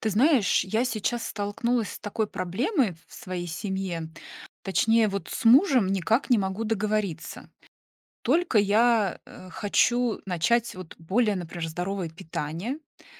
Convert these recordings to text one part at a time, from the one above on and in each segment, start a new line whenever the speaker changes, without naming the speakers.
Ты знаешь, я сейчас столкнулась с такой проблемой в своей семье- точнее, вот с мужем никак не могу договориться. Только я, э, хочу начать, вот более, например, здоровое питание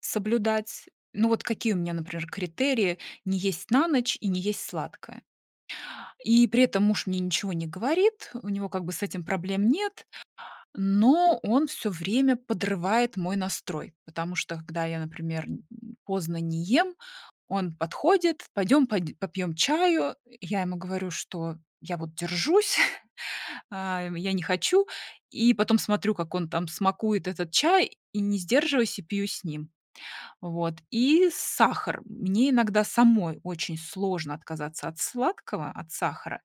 соблюдать. Ну вот какие у меня, например, критерии: не есть на ночь, и не есть сладкое. И при этом муж мне ничего не говорит, у него как бы с этим проблем нет. Но он всё время подрывает мой настрой, потому что, когда я, например, м, поздно не ем, он подходит: "Пойдем под попьем чаю". Я ему говорю, что я вот держусь, а, я не хочу. И потом смотрю, как он там смакует этот чай, и не сдерживаюсь- и пью с ним. Вот. И сахар. Мне иногда самой очень сложно отказаться от сладкого, от сахара,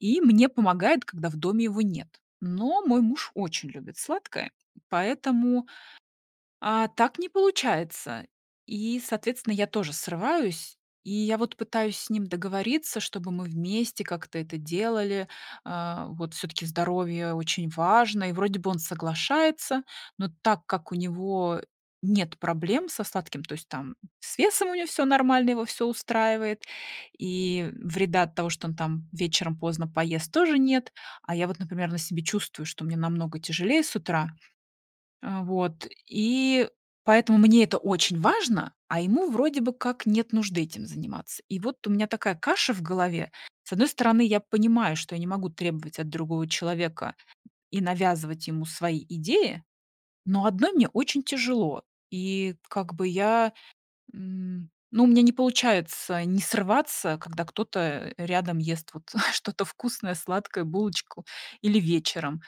и мне помогает, когда в доме его нет. Но мой муж очень любит сладкое, поэтому, а, так не получается. И, соответственно, я тоже срываюсь. И я вот пытаюсь с ним договориться, чтобы мы вместе как-то это делали. А, вот, все-таки здоровье очень важно. И вроде бы он соглашается, но так как у него нет проблем со сладким, то есть там с весом у него всё нормально, его всё устраивает. И вреда от того, что он там вечером поздно поест, тоже нет. А я вот, например, на себе чувствую, что мне намного тяжелее с утра. А, вот, и поэтому мне это очень важно, а ему вроде бы как нет нужды этим заниматься. И вот у меня такая каша в голове. С одной стороны, я понимаю, что я не могу требовать от другого человека и навязывать ему свои идеи, но одной мне очень тяжело. И как бы я, м, ну, у меня не получается не срываться, когда кто-то рядом ест вот что-то вкусное- сладкое, булочку, или вечером.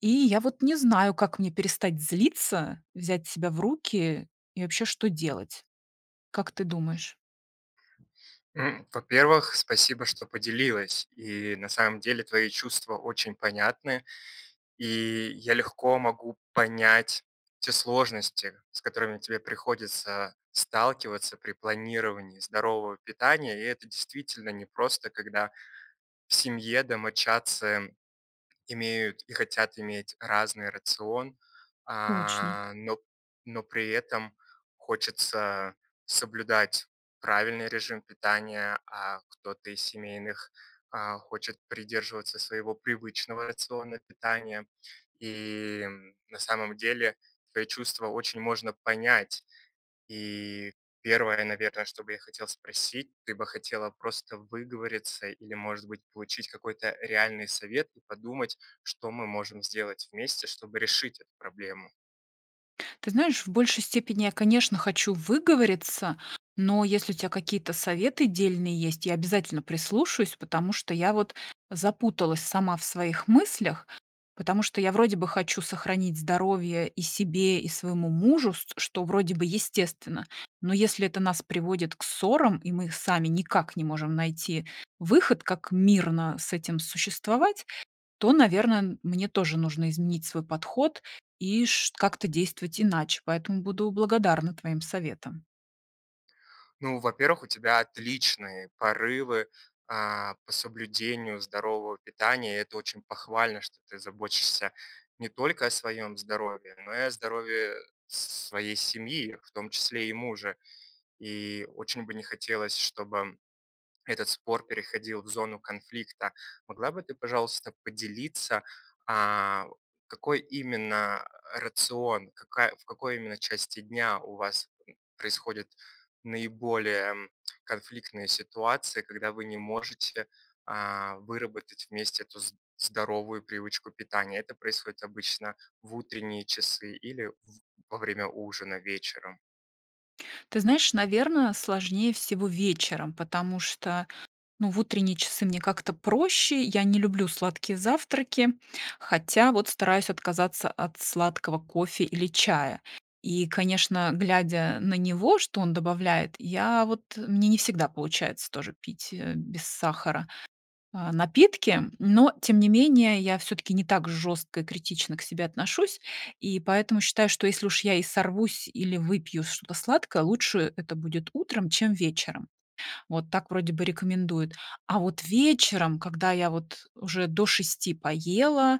И я вот не знаю, как мне перестать злиться, взять себя в руки и вообще что делать. Как ты думаешь?
М, во-первых, спасибо, что поделилась, и на самом деле твои чувства очень понятны, и я легко могу понять те сложности, с которыми тебе приходится сталкиваться при планировании здорового питания. И это действительно непросто, когда в семье домочадцы имеют, и хотят иметь разный рацион.
Точно.
А, но но при этом хочется соблюдать правильный режим питания, а кто-то из семейных, а, хочет придерживаться своего привычного рациона питания. И, м, на самом деле твои чувства очень можно понять. И 1, наверное, что бы я хотел спросить: ты бы хотела просто выговориться или, может быть, получить какой-то реальный совет и подумать, что мы можем сделать вместе, чтобы решить эту проблему.
Ты знаешь, в большей степени я, конечно, хочу выговориться, но, если у тя какие-то советы дельные есть, я обязательно прислушаюсь. Потому что я вот запуталась сама в своих мыслях. Потому что я вроде бы хочу сохранить здоровье- и себе, и своему мужу, ст что вроде бы естественно. Но если это нас приводит к ссорам, и мы сами никак не можем найти выход, как мирно с этим существовать, то, наверное, мне тоже нужно изменить свой подход и ш как-то действовать иначе. Поэтому буду благодарна твоим советам.
Ну, во-первых, у тебя отличные порывы, а, по соблюдению здорового питания, и это очень похвально, что ты заботишься не только о своем здоровье, но и о здоровье с с своей семьи, в том числе и мужа. И очень бы не хотелось, чтобы этот спор переходил в зону конфликта. Могла бы ты, пожалуйста, поделиться, а, какой именно рацион, какая в какой именно части дня у вас, м, происходят наиболее конфликтные ситуации, когда вы не можете, а, выработать вместе эту з здоровую привычку питания. Это происходит обычно в утренние часы или в во время ужина вечером?
Ты знаешь, наверное, сложнее всего вечером, потому что, ну, в утренние часы мне как-то проще, я не люблю сладкие завтраки, хотя вот стараюсь отказаться от сладкого кофе или чая. И, конечно, глядя на него, что он добавляет, я вот мне не всегда получается тоже пить, э, без сахара, а, напитки. Но, тем не менее, я все-таки не так жестко и критично к себе отношусь, и поэтому считаю, что если уж я и сорвусь, или выпью что-то сладкое, лучше это будет утром, чем вечером. Вот так вроде бы рекомендуют. А вот вечером, когда я вот уже до 6 поела,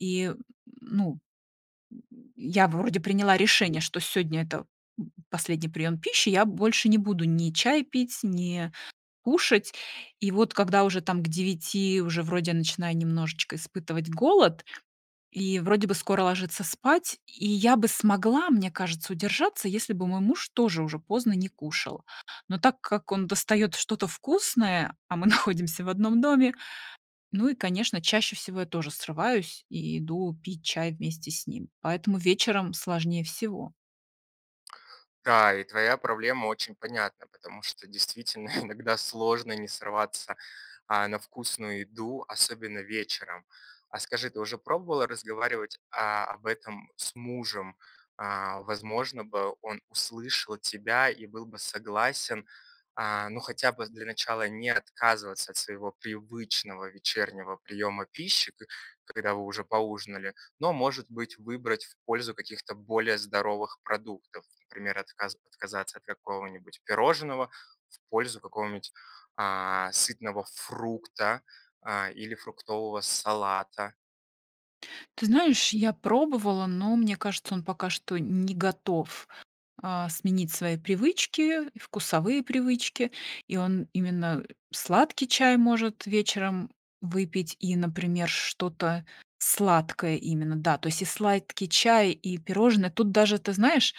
и ну Я вроде приняла решение, что сегодня- это последний прием пищи, я больше не буду ни чай пить, ни кушать. И вот когда уже там к 9, уже вроде начинаю немножечко испытывать голод, и вроде бы скоро ложиться спать, и я бы смогла, мне кажется, удержаться, если бы мой муж тоже уже поздно не кушал. Но так как он достает что-то вкусное, а мы находимся в 1 доме, ну и, конечно, чаще всего я тоже срываюсь, и иду пить чай вместе с ним. Поэтому вечером сложнее всего.
Да, и твоя проблема очень понятна, потому что действительно иногда сложно не сорваться, а, на вкусную еду, особенно вечером. А скажи, ты уже пробовала разговаривать, а, об этом с мужем? А, возможно бы, он услышал тебя и был бы согласен. А, ну хотя бы для начала не отказываться от своего привычного вечернего приема пищи, ко когда вы уже поужинали, но, может быть, выбрать в пользу каких-то более здоровых продуктов, например, отказа отказаться от какого-нибудь пирожного в пользу какого-нибудь, а, сытного фрукта, а, или фруктового салата.
Ты знаешь, я пробовала, но мне кажется, он пока что не готов, а, сменить свои привычки и вкусовые привычки, и он именно, э, сладкий чай может вечером выпить и, например, что-то сладкое именно, да. То есть и сладкий чай, и пирожные. Тут даже, ты знаешь,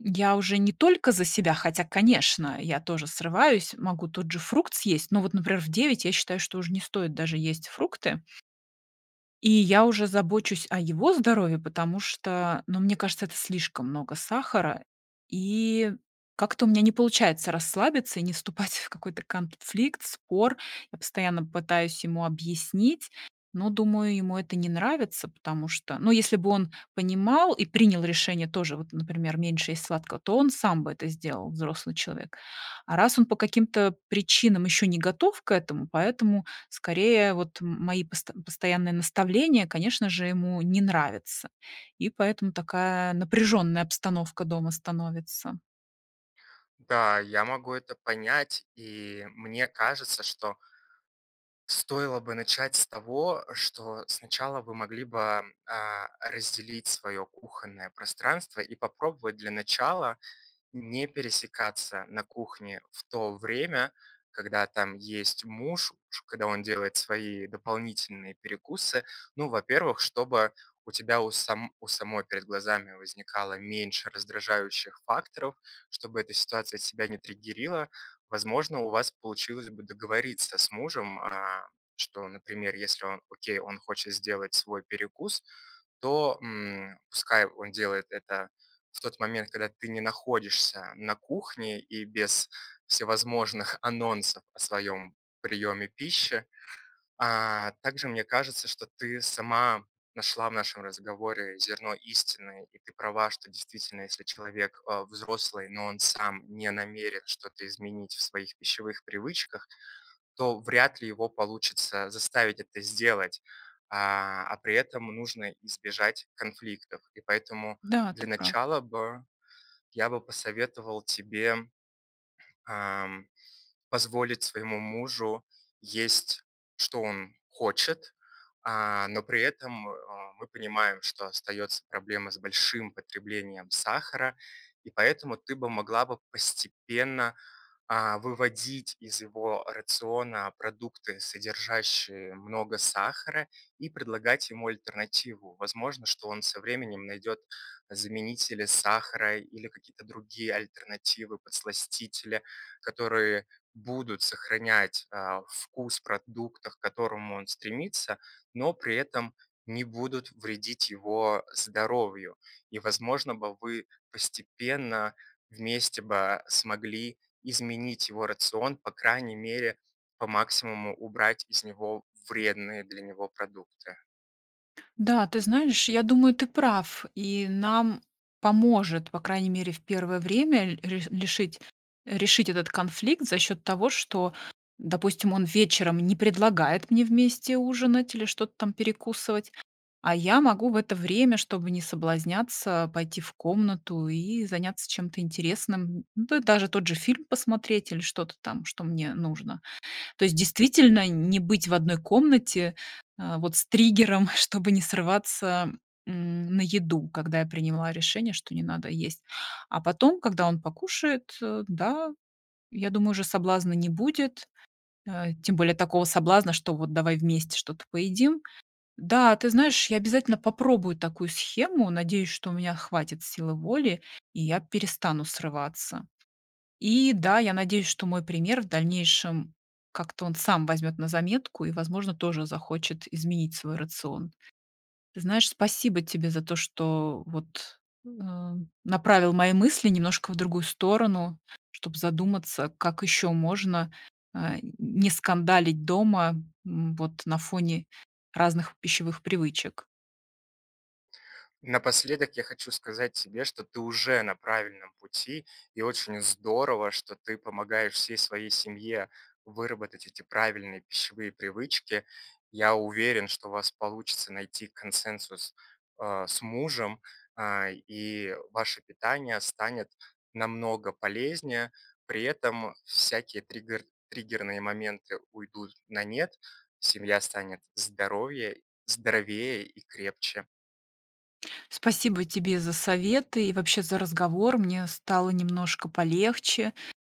м, я уже не только за себя, хотя, конечно, я тоже срываюсь, могу тот же фрукт съесть, но вот, например, в 9 я считаю, что уже не стоит даже есть фрукты. И я уже забочусь о его здоровье, потому что, ну, мне кажется, это слишком много сахара. И как-то у меня не получается расслабиться и не вступать в какой-то конфликт, спор. Я постоянно пытаюсь ему объяснить, но, думаю, ему это не нравится, потому что, ну, если бы он понимал и принял решение тоже, вот, например, меньше есть сладкого, то он сам бы это сделал- взрослый человек. А раз он по каким-то причинам ещё не готов к этому, поэтому, скорее, вот мои пост постоянные наставления, конечно же, ему не нравятся. И поэтому такая напряженная обстановка дома становится.
Да, я могу это понять, и мне кажется, что стоило бы начать с того, что сначала вы могли бы, а, разделить свое кухонное пространство и попробовать для начала не пересекаться на кухне в то время, когда там есть муж уж, когда он делает свои дополнительные перекусы. Ну, во-первых, чтобы у тебя у сам у самой перед глазами возникало меньше раздражающих факторов, чтобы эта ситуация тебя не триггерила. Возможно, у вас получилось бы договориться с мужем, а, что, например, если он, окей, он хочет сделать свой перекус, то, м, пускай он делает это в тот момент, когда ты не находишься на кухне, и без всевозможных анонсов о своём приеме пищи. А, также, мне кажется, что ты сама нашла в нашем разговоре зерно истины. И ты права, что действительно, если человек, а, взрослый, но он сам не намерен что-то изменить в своих пищевых привычках, то вряд ли его получится заставить это сделать. А, а при этом нужно избежать конфликтов. И поэтому
Да,
для
ты прав.
начала бы я бы посоветовал тебе, ам, позволить своему мужу есть, что он хочет. А, но при этом, а, мы понимаем, что остается проблема с большим потреблением сахара, и поэтому ты бы могла бы постепенно, а, выводить из его рациона продукты, содержащие много сахара, и предлагать ему альтернативу. Возможно, что он со временем найдет заменители сахара или какие-то другие альтернативы, подсластители, которые будут сохранять, а, вкус в продуктах, к которому он стремится, но при этом не будут вредить его здоровью. И возможно бы вы постепенно, вместе бы, смогли изменить его рацион. По крайней мере, по максимуму убрать из него вредные для него продукты.
Да, ты знаешь, я думаю, ты прав и нам поможет, по крайней мере, в 1 время ре ре лешить решить этот конфликт за счёт того, что, допустим, он вечером не предлагает мне вместе ужинать или что-то там перекусывать. А я могу в это время, чтобы не соблазняться, пойти в комнату и заняться чем-то интересным. Д да даже тот же фильм посмотреть или что-то там, что мне нужно. То есть, действительно, н не быть в одной комнате, а, вот с триггером, чтобы не срываться, м, на еду, когда я приняла решение, что не надо есть. А потом, когда он покушает, э, да, я думаю, уже соблазна не будет, э, тем более такого соблазна, что вот давай вместе что-то поедим. Да, ты знаешь, я обязательно попробую такую схему, надеюсь, что у меня хватит силы воли и я перестану срываться. И да, я надеюсь, что мой пример в дальнейшем как-то он сам возьмёт на заметку и, возможно, тоже захочет изменить свой рацион. Ты знаешь, спасибо тебе за то, что вот, э, направил мои мысли немножко в другую сторону, чтоб задуматься, как еще можно, а, н не скандалить дома, м, вот на фоне разных пищевых привычек.
Напоследок я хочу сказать тебе, что ты уже на правильном пути, и очень здорово, что ты помогаешь всей своей семье выработать вот эти правильные пищевые привычки. Я уверен, что у вас получится найти консенсус, а, с мужем. А, и ваше питание станет намного полезнее. При этом всякие тригер триггерные моменты уйдут на нет, семья станет здоровье здоровее и крепче.
Спасибо тебе за советы и вообще за разговор. Мне стало немножко полегче,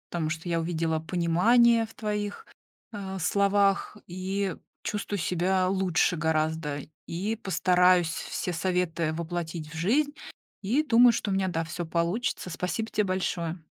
потому что я увидела понимание в твоих, а, словах и чувствую себя лучше гораздо. И постараюсь все советы воплотить в жизнь, и, думаю, что у меня, да, всё получится. Спасибо тебе большое.